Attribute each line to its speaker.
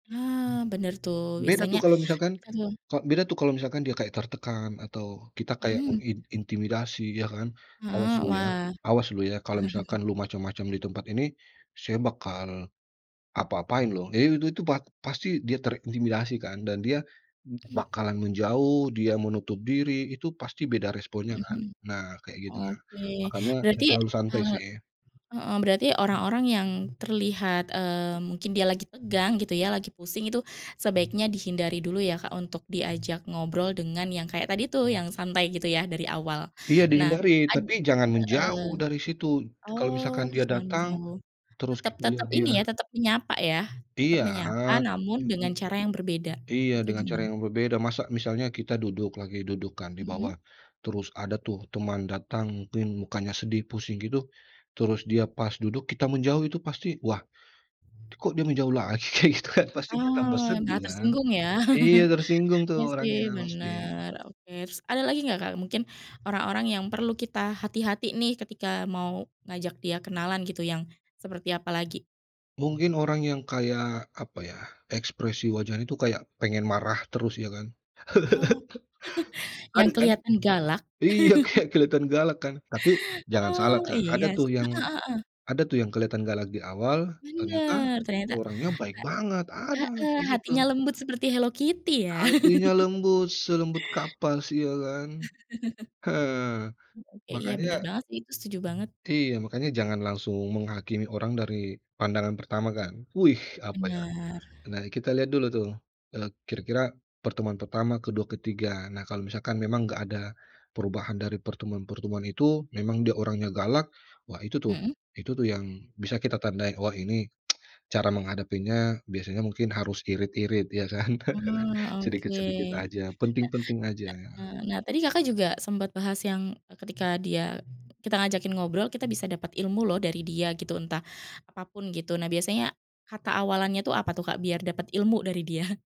Speaker 1: Nah, bener tuh,
Speaker 2: Beda, tuh,
Speaker 1: biasanya
Speaker 2: kalau misalkan
Speaker 1: kita meng
Speaker 2: Kak, beda, tuh, kalau misalkan dia kayak tertekan atau kita kayak
Speaker 1: Mhm.
Speaker 2: mengin intimidasi ya, kan, "Awas
Speaker 1: Heeh,
Speaker 2: lu, ya,
Speaker 1: wah.
Speaker 2: awas lu, ya, kalau misalkan lu macem-macem di tempat ini saya bakal apa-apain loh." Iya, itu itu pa pasti dia terintimidasi, kan, dan dia m bakalan menjauh, dia menutup diri, itu pasti beda responnya,
Speaker 1: Heeh
Speaker 2: kan.
Speaker 1: heeh.
Speaker 2: Nah kayak gitu nah,
Speaker 1: Oke,
Speaker 2: makanya saya
Speaker 1: berarti
Speaker 2: selalu
Speaker 1: e
Speaker 2: santai, sih.
Speaker 1: heeh, berarti orang-orang yang terlihat e mungkin dia lagi tegang gitu, ya, lagi pusing itu sebaiknya dihindari dulu, ya, Kak, untuk diajak ngobrol dengan yang kayak tadi, tuh, yang santai gitu, ya, dari awal.
Speaker 2: Iya
Speaker 1: Nah
Speaker 2: dihindari,
Speaker 1: ad
Speaker 2: tapi jangan
Speaker 1: heeh.
Speaker 2: menjauh dari situ. Kalau
Speaker 1: Oh,
Speaker 2: misalkan dia
Speaker 1: jangan
Speaker 2: datang
Speaker 1: menjauh,
Speaker 2: terus
Speaker 1: tetep
Speaker 2: kita lihat
Speaker 1: tetep ini,
Speaker 2: dia
Speaker 1: ya, tetap menyapa, ya. Tetap
Speaker 2: Iya,
Speaker 1: menyapa
Speaker 2: jak
Speaker 1: namun
Speaker 2: minimum
Speaker 1: dengan cara yang berbeda
Speaker 2: iya,
Speaker 1: atau
Speaker 2: dengan cara
Speaker 1: gimana?
Speaker 2: yang berbeda. Masa misalnya kita duduk, lagi duduk, kan, di bawah,
Speaker 1: Mhm.
Speaker 2: terus ada, tuh, teman datang mungkin mukanya sedih pusing gitu, terus dia pas duduk kita menjauh itu pasti, wah, kok, dia menjauh lagi kayak gitu, kan, pastinya tambah
Speaker 1: Oh,
Speaker 2: sedih,
Speaker 1: enggak
Speaker 2: kan.
Speaker 1: tersinggung, ya.
Speaker 2: Iya tersinggung, tuh,
Speaker 1: Iya sih
Speaker 2: orangnya pasti.
Speaker 1: bener, oke. Terus ada lagi nggak Kak, mungkin orang-orang yang perlu kita hati-hati, nih, ketika mau ngajak dia kenalan gitu yang seperti apa lagi?
Speaker 2: Mungkin orang yang kayak apa ya ekspresi wajahnya itu kayak pengen marah terus, ya, kan?
Speaker 1: Oh, yang
Speaker 2: Ada, kan?
Speaker 1: keliatan galak?
Speaker 2: Iya, kayak kelihatan galak, kan? Tapi jangan salah
Speaker 1: Oh,
Speaker 2: Kak,
Speaker 1: iya,
Speaker 2: ada, tuh,
Speaker 1: sih. Heeh
Speaker 2: yang
Speaker 1: heeh.
Speaker 2: ada, tuh, yang kelihatan galak di awal ternyata
Speaker 1: Bener, ternyata
Speaker 2: orangnya baik banget,
Speaker 1: e
Speaker 2: ada
Speaker 1: heeh,
Speaker 2: kayak
Speaker 1: hatinya
Speaker 2: gitu.
Speaker 1: lembut seperti Hello Kitty ya.
Speaker 2: Hatinya lembut, selembut kapas iya, kan. Eee,
Speaker 1: Oke, iya
Speaker 2: makanya
Speaker 1: bener banget, sih, itu setuju banget.
Speaker 2: iya, makanya jangan langsung menghakimi orang dari pandangan pertama, kan. Wih apa, ya,
Speaker 1: Bener.
Speaker 2: nah kita lihat dulu, tuh, eee, kira-kira pertemuan pertama, kedua, ketiga. Nah kalau misalkan memang nggak ada perubahan dari pertemuan-pertemuan itu memang dia orangnya galak, wah itu, tuh,
Speaker 1: Mhm.
Speaker 2: itu, tuh, yang bisa kita tandai wah ini cara menghadapinya biasanya mungkin harus irit-irit ya, kan.
Speaker 1: Oh, oke.
Speaker 2: Sedikit-sedikit aja, penting-penting aja.
Speaker 1: Nah na eee, nah tadi Kakak juga sempet bahas yang, eee, ketika dia kita ngajakin ngobrol kita bisa dapat ilmu loh dari dia gitu entah apapun gitu nah biasanya, kata awalannya itu apa, tuh, Kak, biar dapet ilmu dari dia?